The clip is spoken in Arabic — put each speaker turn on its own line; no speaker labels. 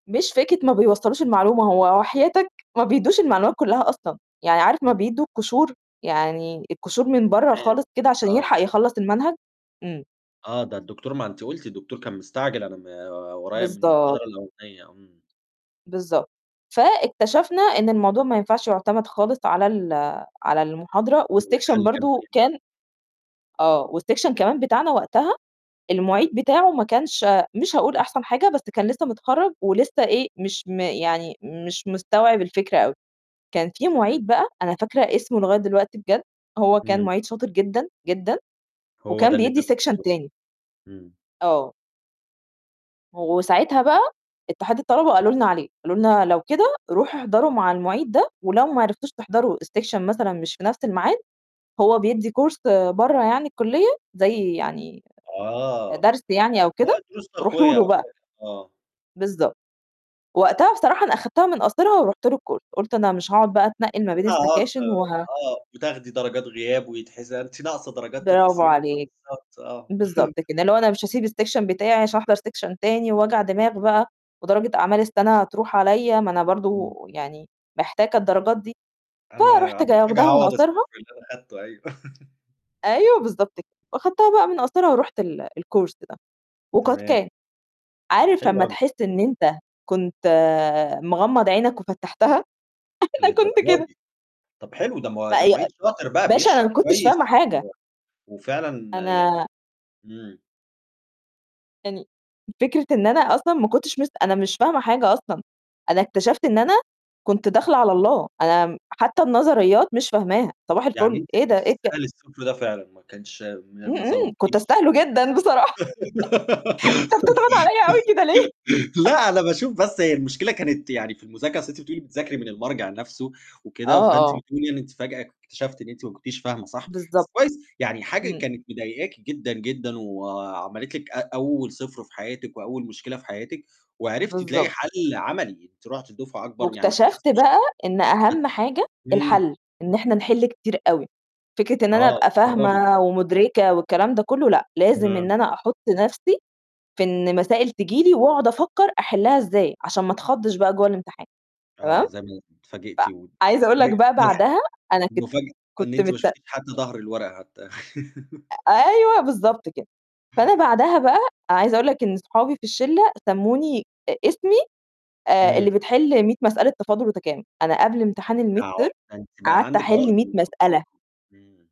مش فكرة ما بيوصّلوش المعلومة، هو وحياتك ما بيدّوش المعلومات كلّها أصلًا، يعني عارف ما
إمم.
بيدّوا القشور، يعني القشور من برّه
تمام،
خالص كده عشان
آه.
يلحق يخلّص المنهج، إمم.
آه، ده الدكتور ما أنتِ قُلتِ الدكتور كان مستعجل أنا م ورايا من
بالضب
المحاضرة الأولانيّة، إمم.
بالضبط. فاكتشفنا إن الموضوع ما ينفعش يُعتمد خالص على ال على المحاضرة والسيكشن
والحل كان
برضه
فين بقى؟
كان آه، والسيكشن كمان بتاعنا وقتها المعيد بتاعه ما كانش مش هاقول أحسن حاجة، بس كان لسّه متخرّج ولسّه إيه، مش م يعني مش مستوعب الفكرة أوي، كان في
تمام.
مُعيد بقى أنا فاكرة اسمه لغاية دلوقتي بجد، هو كان
إمم.
مُعيد شاطر جدًا، جدًا
هو ده
وكان
اللي
بيدّي سيكشن
[unintelligible]
تاني.
إمم.
آه. و وساعتها بقى اتحاد الطلبة قالوا لنا عليه، قالوا لنا: "لو كده روحوا احضروا مع المُعيد ده ولو ما عرفتوش تحضروا السيكشن مثلًا مش في نَفْس المعاد، هو بيدّي كورس برّه يعني الكُلّية زي يعني
آه،
درس يعني أو كده
وأهي الدروس
روحوا
تقوية
له
أو
بقى.َ"
حاجة، آه.
بالضبط. وقتها بصراحة أنا أخدتها من قاصرها ورُحت له الكورس. قُلت أنا مش هاقعد بقى أتنقّل ما بين
[unintelligible]
السكاشن وه
آه وتاخدي درجات غياب ويتحس أنتِ ناقصة درجات
برافو
تنقصيها،
عليك.
فبالضبط آه.
بالضبط كده، اللي هو أنا مش هاسيب السيكشن بتاعي عشان أحضر سيكشن تاني وجع دماغ بقى ودرجة أعمال السَنة هتروح عليّا، ما أنا برضه
إمم.
يعني محتاجة الدرجات دي.
أنا
فرُحت
أنا
ج
محتاجة
واخداها من
أعوّض ال0
قاصرها
اللي أنا أخدته أيوه.
أيوه، بالضبط ك وأخدتها بقى من قاصرها ورُحت ال الكورس ده وقد
تمام.
كان. عارف
حلو
لمّا
أوي.
تحس إن أنت كنت مغمّض عينك وفتّحتها؟ أنا كنت
للدرجة
كده.
دي! طَب حلو، ده م ده
فأي
مُعيد شاطر بقى
باشا أنا
بيشرح
ما كنتش فاهمة
كويس
حاجة.
و وفعلًا يعني
أنا
إمم.
يعني فكرة إن أنا أصلًا ما كنتش مس أنا مش فاهمة حاجة أصلًا، أنا اكتشفت إن أنا كنت داخلة على الله، أنا م حتى النظريّات مش فاهماها صباح
يعني
الفُل،
أنتِ
إيه
كنت
ده؟ إيه ك
تستاهلي ال0 ده فعلًا ما كانش ما
إمم،
ما
إمم، كنت
ظلمكيش.
أستاهله جدًا بصراحة. أنت بتضغط عليّا أوي كده ليه؟
لأ، أنا باشوف بس هي المشكلة كانت يعني في المذاكرة، أصل أنتِ بتقولي بتذاكري من المرجع نَفْسه
آه،
وكده، فأنتِ
آه.
بتقولي إن أنتِ فجأة اكتشفتِ إن أنتِ ما كنتيش فاهمة صح،
بالضبط.
بس كويس، يعني حاجة
إمم.
كانت مضايقاكِ جدًا، جدًا وعملت لِك أ أول 0 في حياتِك وأول مشكلة في حياتِك وعرفتِ تلاقي
بالضبط.
حَل عَمَلي، أنتِ رُحتِ دُفعَة أكبر يعني ما
واكتشفت
اتكسفتيش
بقى إن أهَم حاجة
إمم.
الحَل، إن إحنا نحِل كتير أوي. فكرة إن أنا
آه،
أبقى
تجرّبي.
فاهمة ومدركة والكلام ده كلّه لأ، لازم إن
تمام.
أنا أحُط نَفْسي في إن مسائل تيجي لي وأقعد أفكّر أحلّها إزاي عشان ما أتخضّش بقى جوّه الامتحان
آه،
تمام؟
زي ما اتفاجئتِ و
فعايزة أقول
وج
لك بقى
ملحق
بَعدها أنا كنت
مفاجأة إن
كنت
أنتِ ما
مت
شُفتيش حتى ضهر الورقة حتى.
أ أيوه، بالضبط كده. فأنا بَعدها بقى عايزة أقول لك إن صحابي في الشِلّة سمّوني اسمي آآ، اللي
إمم.
بتحل 100 مسألة تفاضُل وتكامُل، أنا قبل امتحان
ده
الميد ترم
عُقدة، ده أنتِ بقى
قعدت
عندِك
أحل
عُقدة
100
من
مسألة.
التفاضل. إمم.